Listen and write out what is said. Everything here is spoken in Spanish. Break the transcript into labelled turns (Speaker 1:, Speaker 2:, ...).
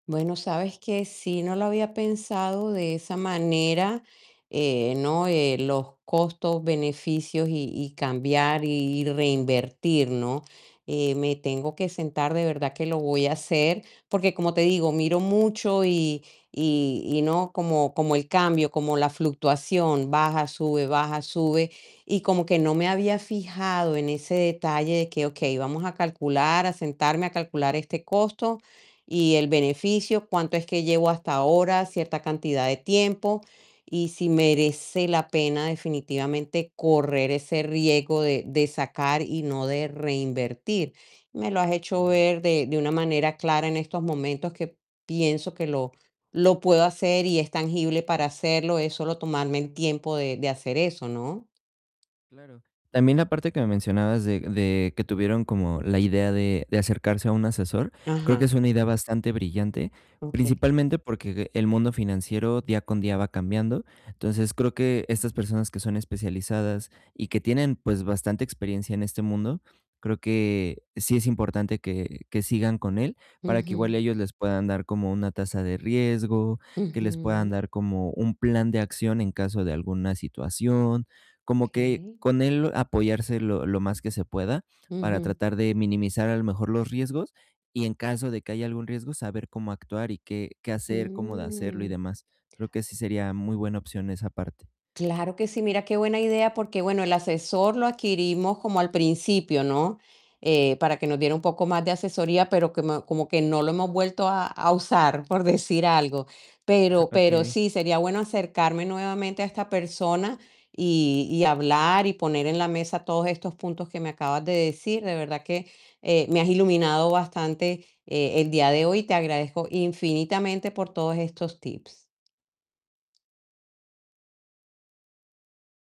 Speaker 1: Bueno, ¿sabes qué?, sí, no lo había pensado de esa manera, eh, ¿no?, eh, los costos, beneficios y y cambiar y reinvertir, ¿no?, eh, me tengo que sentar, de verdad que lo voy a hacer, porque como te digo, miro mucho y y y no, como como el cambio, como la fluctuación, baja, sube, baja, sube, y como que no me había fijado en ese detalle de que: "Okey, vamos a calcular, a sentarme a calcular este costo y el beneficio, cuánto es que llevo hasta ahora, cierta cantidad de tiempo y si merece la pena definitivamente correr ese riesgo de de sacar y no de reinvertir". Me lo has hecho
Speaker 2: Claro.
Speaker 1: ver de de una manera clara en estos momentos que pienso que lo lo puedo hacer y es tangible para hacerlo, es solo tomarme el tiempo de de hacer eso, ¿no?
Speaker 2: Claro. También la parte que me mencionabas de de que tuvieron como la idea de de acercarse a un asesor, creo que
Speaker 1: Ajá.
Speaker 2: es una idea bastante brillante,
Speaker 1: Okey.
Speaker 2: principalmente porque el mundo financiero día con día va cambiando, entonces, creo que estas personas que son especializadas y que tienen, pues bastante experiencia en este mundo, creo que sí es importante que que sigan con él, para que igual
Speaker 1: Ujú.
Speaker 2: ellos les puedan dar como una tasa de riesgo, que les puedan
Speaker 1: Ujú.
Speaker 2: dar como un plan de acción en caso de alguna situación, como que,
Speaker 1: Okey.
Speaker 2: con él, apoyarse lo lo más que se pueda, para
Speaker 1: Ujú.
Speaker 2: tratar de minimizar a lo mejor los riesgos y en caso de que haya algún riesgo, saber cómo actuar y qué qué hacer, cómo de hacerlo y
Speaker 1: Mm.
Speaker 2: demás. Creo que sí sería muy buena opción esa parte.
Speaker 1: Claro que sí, mira qué buena idea, porque bueno, el asesor lo adquirimos como al principio, ¿no?, eh, para que nos diera un poco más de asesoría, pero como como que no lo hemos vuelto a, a usar, por decir algo, pero pero
Speaker 2: Okey.
Speaker 1: sí sería bueno acercarme nuevamente a esta persona y y hablar y poner en la mesa todos estos puntos que me acabas de decir. De verdad que, eh, me has iluminado bastante, eh, el día de hoy. Te agradezco infinitamente por todos estos tips.